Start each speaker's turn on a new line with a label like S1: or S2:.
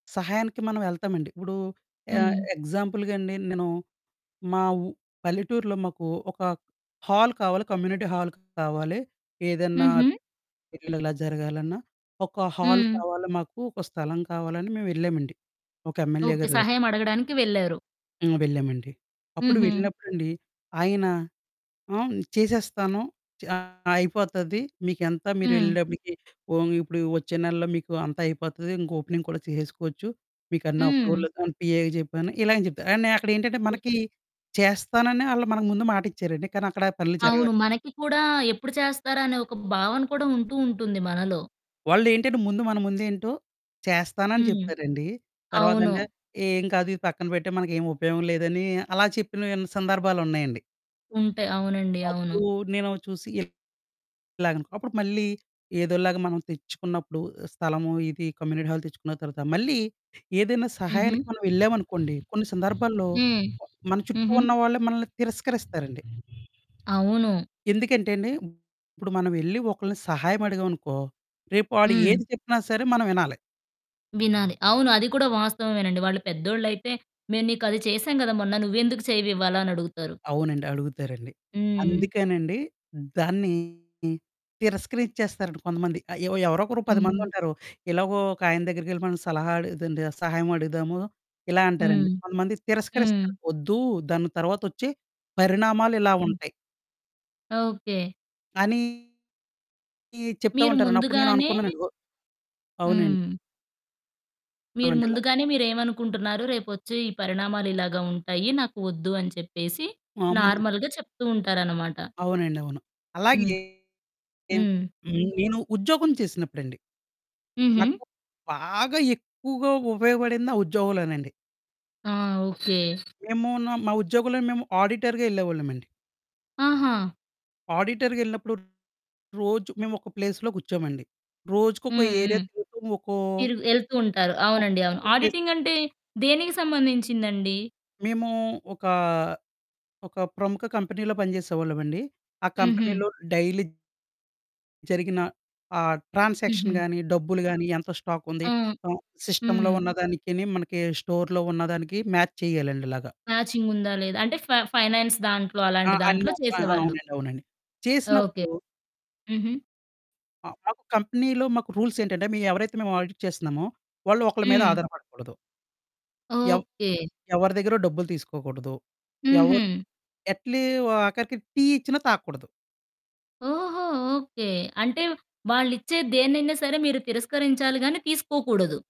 S1: సహాయానికి మనవెళ్తామండి. ఇప్పుడూ ఆహ్,
S2: హ్మ్.
S1: ఎగ్జాంపుల్‌గండి, నేనూ మా ఉ పల్లెటూర్లో మాకు ఒక హాల్ కావాలి, కమ్యూనిటీ హాల్ కావాలి. ఏదన్నా
S2: హుహు.
S1: పెళ్ళిళ్ళిలా జరగాలన్నా, ఒక హాల్
S2: హ్మ్.
S1: కావాలి, మాకు ఒక స్థలం కావాలని మేవెళ్ళామండి, ఒక ఎమ్మెల్యే
S2: ఓకే.
S1: గారి దగ్గరికి.
S2: సహాయం అడగడానికి వెళ్లారు.
S1: ఆ! వెళ్ళామండి. అప్పుడు
S2: హుహు.
S1: వెళ్ళినప్పుడండి, ఆయన ఆహ్, న్ చేసేస్తాను, చ అయిపోతది, మీకెంత
S2: హ్మ్.
S1: మీరెళ్ళేటప్పుడికి. ఓహ్! మీకిప్పుడు ఒచ్చే నెల్లో మీకూ అంతా అయిపోతది ఇంకోపెనింగ్ కూడా చేసేసుకోవచ్చు. మీకన్నీ
S2: హ్మ్.
S1: అప్రూవలది అని పిఏకి జెప్పాను, ఇలా అని చెప్తారు, కానీ నే అక్కడేంటంటే,
S2: హ్మ్.
S1: మనకీ చేస్తానని ఆళ్ళు మనకు ముందు మాటిచ్చారండి, కానీ అక్కడా పనులు జరగవండి.
S2: అవును. మనకి కూడా ఎప్పుడు చేస్తారనే ఒక భావన కూడా ఉంటూ ఉంటుంది మనలో.
S1: వాళ్ళేంటంటే, ముందు మన ముందేంటో చేస్తానని
S2: హ్మ్.
S1: చెప్తారండీ.
S2: అవును
S1: తర్వాతంటే ఏం కాదు ఇది పక్కన పెట్టెయి, మనకేం ఉపయోగం లేదని అలా చెప్పినవి సందర్భాలున్నాయండి.
S2: ఉంటయి. అవునండి. అవును.
S1: అప్పుడూ నేనో చూసి ఇల్ ఇలాగనుకో. అప్పుడు మళ్ళీ ఏదోలాగా మనం తెచ్చుకున్నప్పుడు, స్థలము, ఇది కమ్యూనిటీ హాల్ తెచ్చుకున్న తర్వాత, మళ్ళీ ఏదైనా
S2: హుహు.
S1: సహాయానికి మనవెళ్ళామనుకోండి, కొన్ని సందర్భాల్లో
S2: హ్మ్.
S1: మన చుట్టూ
S2: హుహు.
S1: ఉన్నవాళ్ళే మనలని తిరస్కరిస్తారండి.
S2: అవును.
S1: ఎందుకంటే అండి, ఇప్పుడు మనవెళ్ళి ఒకళ్ళని సహాయం అడిగామనుకో, రేపు వాడు
S2: హ్మ్.
S1: ఏది చెప్పినా సరే మనవినాలి.
S2: వినాలి. అవును అది కూడా వాస్తవవేనండి. వాళ్ళు పెద్దోళ్ళైతే "మేము నీకది చేశాం కదా! మొన్న, నువ్వెందుకు చెయ్యవివాలా" అనడుగుతారు.
S1: అవునండి. అడుగుతారండి.
S2: హ్మ్.
S1: అందుకేనండి, దాన్ని తిరస్కరిచ్చేస్తారండి కొంతమంది. ఆహ్, ఎవ్ ఎవరోకరు 10
S2: హ్మ్.
S1: మందుంటారు. ఎలాగో ఒకాయన దగ్గరకెళ్ళి మనం సలహా అడిగేదండి సహాయం అడుగుదాము, ఇలా అంటారండి.
S2: హ్మ్.
S1: కొంతమంది
S2: హ్మ్.
S1: తిరస్కరిస్తారు, ఒద్దు దాని తర్వాత ఒచ్చే పరిణామాలు ఇలా
S2: హ్మ్.
S1: ఉంటయి.
S2: ఓకే.
S1: అనీ ఈ చెప్తా
S2: మీరు
S1: ఉంటారండి. అప్పుడు
S2: ముందుగానే
S1: నేననుకున్నానండి. ఒ అవునండి.
S2: హ్మ్. మీరు
S1: అవునండిలా.
S2: ముందుగానే మీరేవనుకుంటున్నారు, రేపొచ్చే ఈ పరిణామాలు ఇలాగ ఉంటాయి. నాకు ఒద్దు అని చెప్పేసి
S1: అవును.
S2: నార్మల్‌గా చెప్తూ ఉంటారనమాట.
S1: అవునండవును.
S2: హ్మ్.
S1: అలాగే హ్మ్.
S2: హ్మ్.
S1: నేను ఉద్యోగం చేసినప్పుడండి.
S2: హుహు.
S1: నాకు బాగా ఎక్కువగా ఉపయోగపడింది ఆ ఉద్యోగంలోనండి.
S2: ఆ! ఓకే.
S1: మేము న మా ఉద్యోగులని మేము ఆడిటర్‌గా యెళ్ళేవోళ్ళమండి.
S2: ఆహా!
S1: ఆడిటర్‌గెళ్ళినప్పుడు రోజు మేవొక ప్లేస్‌లో కూర్చోమండి. రోజుకొక
S2: హ్మ్.
S1: ఏరియా
S2: హ్మ్.
S1: తిరుగుతూ ఒకో...
S2: మీరు యెళ్తూ ఉంటారు.
S1: ఒకొ
S2: అవునండి. అవును.
S1: ఒకొ ప్లేస్
S2: ఆడిటింగంటే దేనికి సంబంధించిందండి?
S1: మేమూ ఒకా ఒక ప్రముఖ కంపెనీలో పనిచేసేకోళ్ళమండి. ఆ
S2: హుహు.
S1: కంపెనీలో డైలీ జరిగిన ఆ ట్రాన్సాక్షన్
S2: హుహు.
S1: గానీ, డబ్బులు గానీ ఎంత స్టాకుంది,
S2: ఆ!
S1: ఆహ్, సిస్టమ్‌లో
S2: హ్మ్.
S1: ఉన్నదానికీనీ మనకి స్టోర్‌లో ఉన్నదానికి మ్యాచ్ చెయ్యాలండి ఇలాగ.
S2: మ్యాచింగుందా, లేదా. అంటే, ఫ ఫైనాన్స్ దాంట్లో
S1: ఆ!
S2: అలాంటి దాంట్లో
S1: అన్ని. ఆ!
S2: చేసేవాళ్ళు.
S1: అవునండి. అవునండి.
S2: ఓకే.
S1: చేసినప్పుడు
S2: హుహు.
S1: ఆ! మాకు కంపినీ‌లో మాకు రూల్సేంటంటే, మీయి ఎవరైతే మేము ఆడిట్ చేస్తన్నామో వాళ్ళు ఒకళ్ళ మీద
S2: హ్మ్.
S1: ఆధారపడకూడదు. ఎవ్
S2: ఓకే.
S1: ఎవరి దగ్గరో డబ్బులు తీసుకోకూడదు. ఎవరు
S2: హుహు.
S1: ఎట్లీ ఒ ఆఖరికి టీ ఇచ్చినా తాగకూడదు.
S2: ఓహో! ఓకే. అంటే, వాళ్ళిచ్చే దేన్నైనా సరే మీరు తిరస్కరించాలి గానీ తీసుకోకూడదు.